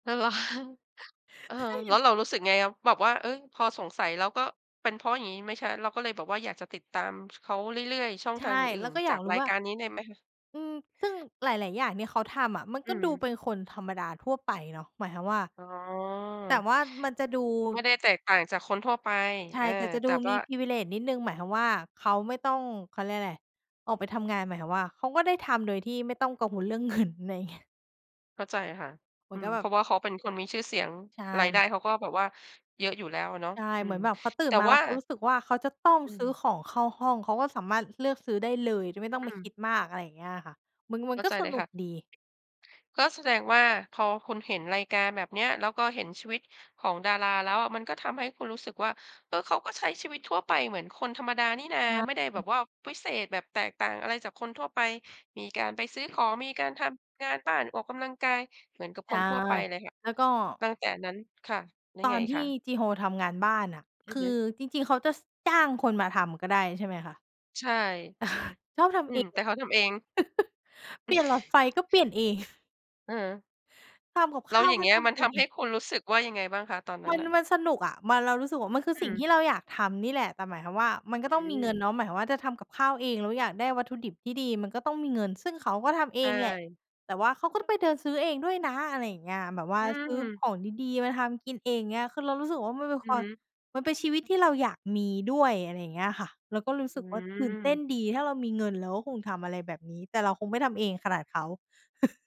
อ้าว เหรอคะ เออ เคยเแห็ล้วน เรารู้สึกไง แบบว่า เอ๊ย พอสงสัยแล้วก็เป็นเพราะอย่างงี้ไหม ช เราก็เลยแบบอยากจะติดตาม ช เขาเรื่อย ๆ ช่องใชทาง่ อืแ่ล้น วก็ๆ จอยาากกรูร้ายว่า การนี้ในไหมคะ? อืม ซึ่งหลาย ๆ อย่างที่เขาทำอะ มันอืก็ดูม เป็นคนธรรมดาทั่วไปเนาะ หมายความว่า อ๋แต่อ ว่ามันจะดู ไม่ได้แตกต่างจากคนทั่วไป ใชเอ่ อ แต่จะแตดู่วม่ี า Privilege นิดหนึ่ง หมายความว่าเขาไม่ต้อง เขาเรียกอะไร ออกไปทำงาน หมายถึงว่าเขาก็ได้ทำโดยที่ไม่ต้องกังวลเรื่อง เงิน อะไรอย่างเงี้ย เข้าใจค่ะ เหมือือนกม ับแเบพบ ราะว่าเขาเป็นคนมีชื่อเสียง ใช่ รายได้ม เขาก็แบบว่าเยอะอยู่แล้วอะเนาะ ใช่ อืเหมืม อนแบบเขาตื่แตน่มา แวล่้า วเขารู้สึกว่าเขาจะต้องอืซื้อม ของเข้าห้อง เขาก็สามารถเลือกซื้อได้เลยโดยไม่ต้องอไปืคิม ดมาก อะไรอย่างเงี้ยอะค่ะ มัน มัเนข้าก็ใจสเลยนุค่กะ ดี ก็แสดงว่าพอคุณเห็นรายการแบบเนี้ย แล้วก็เห็นชีวิตของดาราแล้วอะ มันก็ทำให้คุณรู้สึกว่า เออ เขาก็ใช้ชีวิตทั่วไปเหมือนคนธรรมดานี่นา ใไม่ได้ชแบ่ บว่าวิเศษ แบบแตกต่างอะไรจากคนทั่วไป มีการไปซื้อ ของ มีการทำงานบ้าน ออกกำลังกาย เหมือนกับใชค่ นทั่วไปเลยค่ะ แล้วก็ ตั้งแต่นั้น ค่ะ แล้วตไองนอีกทคี่ะ? จีโฮทำงานบ้านน่ะ อืคอฮืึ อจริง ๆ เขาจะ ส จ้างคนมาทำก็ได้ ใช่ไหมคะ? ใช่ เออ ชอบทอืำเอม ง แต่เขาทำเอง อ เปลี่ยนหลอดไฟก็เปลี่ยนเอง เออ ทำกับแขล้้วาวอย่กาง็เงีท้ยมัำนเอทำใหง ้คุณรู้สึกว่ายังไงบ้างคะ? ตอนนัมั้นน น่ะ มันสนุกอะ มัน เรารู้สึกว่ามันคืออืสิ่งทม ี่เราอยากทำนี่แหละ แต่หมายความว่ามันอก็ืต้องมีเงินม เนาะ หมายความว่าจะทำกับข้าวเอง แล้วอยากได้วัตถุดิบที่ดีก็ต้องมีเงิน ซึ่งเขาก็ทำเใอชงแหละ ่ แต่ว่าเขาก็ไปเดินซื้อเองด้วยนะ อะไรอย่างเงี้ย แบบว่าอืซื้อขม องดี ๆ มาทำกินเอง อย่างเงี้ย คือเรารู้สึกว่ามันเป็นอืคอวาฮม ึ มันเป็นชีวิตที่เราอยากมีด้วย อะไรอย่างเงี้ยค่ะ เราก็รู้อสึืกว่าตื่นเต้นอ ดี ถ้าเรามีเงินเราก็คงทำอะไรแบบนี้ แต่เราคงไม่ทำเองขนาดเขา